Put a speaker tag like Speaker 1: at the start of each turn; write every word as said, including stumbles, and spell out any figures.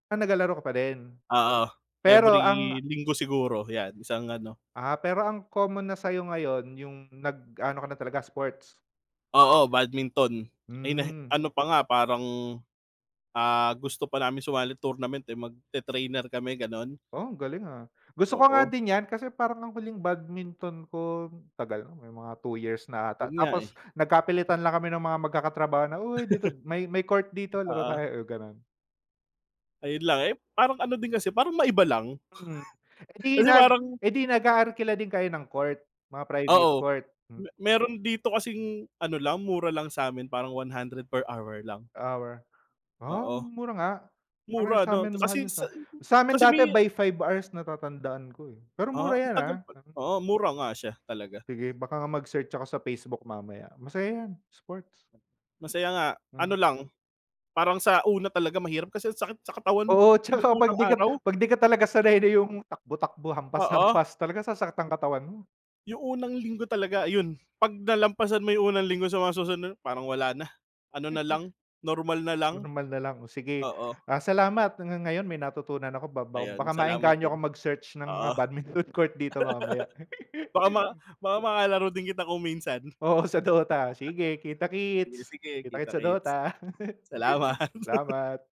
Speaker 1: Ah, naglalaro ka pa din?
Speaker 2: Oo.
Speaker 1: Pero
Speaker 2: Every
Speaker 1: ang
Speaker 2: linggo siguro, 'yan isang ano
Speaker 1: Ah, pero ang common na sa'yo ngayon yung nag-ano ka na talaga, sports.
Speaker 2: Oo, badminton. Ay na
Speaker 1: Hmm.
Speaker 2: ano pa nga, parang, ah, gusto pa namin sumali tournament, eh, magte-trainer kami, ganon.
Speaker 1: Oh, galing, ah. Gusto ko nga
Speaker 2: Oo.
Speaker 1: din 'yan kasi parang ang huling badminton ko tagal na, may mga two years na 'ata.
Speaker 2: Yun nga, eh.
Speaker 1: Tapos nagkapilitan lang kami ng mga magkakatrabaho na, "Uy, dito may may court dito, laro
Speaker 2: Oo.
Speaker 1: tayo," gano'n.
Speaker 2: Ayun lang. Eh, parang ano din kasi, parang maiba lang.
Speaker 1: Hmm. Eh, 'di
Speaker 2: Kasi
Speaker 1: nag
Speaker 2: parang
Speaker 1: eh, 'di nag-aarkila din kayo ng court, mga private
Speaker 2: Oo.
Speaker 1: court? M
Speaker 2: Me meron dito kasing ano lang, mura lang sa'min. Parang one hundred per hour lang.
Speaker 1: Hour. Ah,
Speaker 2: Oo.
Speaker 1: mura nga.
Speaker 2: Mura 'no
Speaker 1: Sa'min mahal
Speaker 2: kasi
Speaker 1: yung
Speaker 2: sa
Speaker 1: sa sa'min
Speaker 2: kasi
Speaker 1: dati
Speaker 2: may
Speaker 1: by five hours natatandaan ko, eh. Pero mura
Speaker 2: Ah, ang
Speaker 1: 'yan, ah.
Speaker 2: tagal pa
Speaker 1: Hmm.
Speaker 2: oo, mura nga siya talaga.
Speaker 1: Sige, baka nga mag-search ako sa Facebook mamaya. Masaya 'yan, sports.
Speaker 2: Masaya nga.
Speaker 1: Hmm.
Speaker 2: Ano lang, parang sa una talaga mahirap kasi ang sakit sa katawan
Speaker 1: Oo, tsaka
Speaker 2: yung
Speaker 1: 'pag
Speaker 2: unang
Speaker 1: di ka
Speaker 2: araw.
Speaker 1: 'pag di ka talaga sanay na yung takbo-takbo,
Speaker 2: Oo.
Speaker 1: hampas-hampas, talagang sasakit ang katawan mo.
Speaker 2: Yung unang linggo talaga ayun, 'pag nalampasan mo yung unang linggo sa mga susunod parang wala na. Ano na
Speaker 1: Mm.
Speaker 2: lang, normal na lang.
Speaker 1: Normal na lang. O sige,
Speaker 2: Oo.
Speaker 1: ah, salamat. Nga ngayon may natutunan ako ba
Speaker 2: Ayun.
Speaker 1: baka
Speaker 2: Salamat
Speaker 1: maengganyo
Speaker 2: din.
Speaker 1: akong mag-search ng mga
Speaker 2: Oo.
Speaker 1: badminton court dito mamaya.
Speaker 2: Baka ma baka makalaro din kita kung minsan.
Speaker 1: Oo, sa Dota. Sige,
Speaker 2: Sige,
Speaker 1: kita-kits.
Speaker 2: sige,
Speaker 1: Kita-kits sa Dota.
Speaker 2: kita-kits. Salamat.
Speaker 1: Salamat.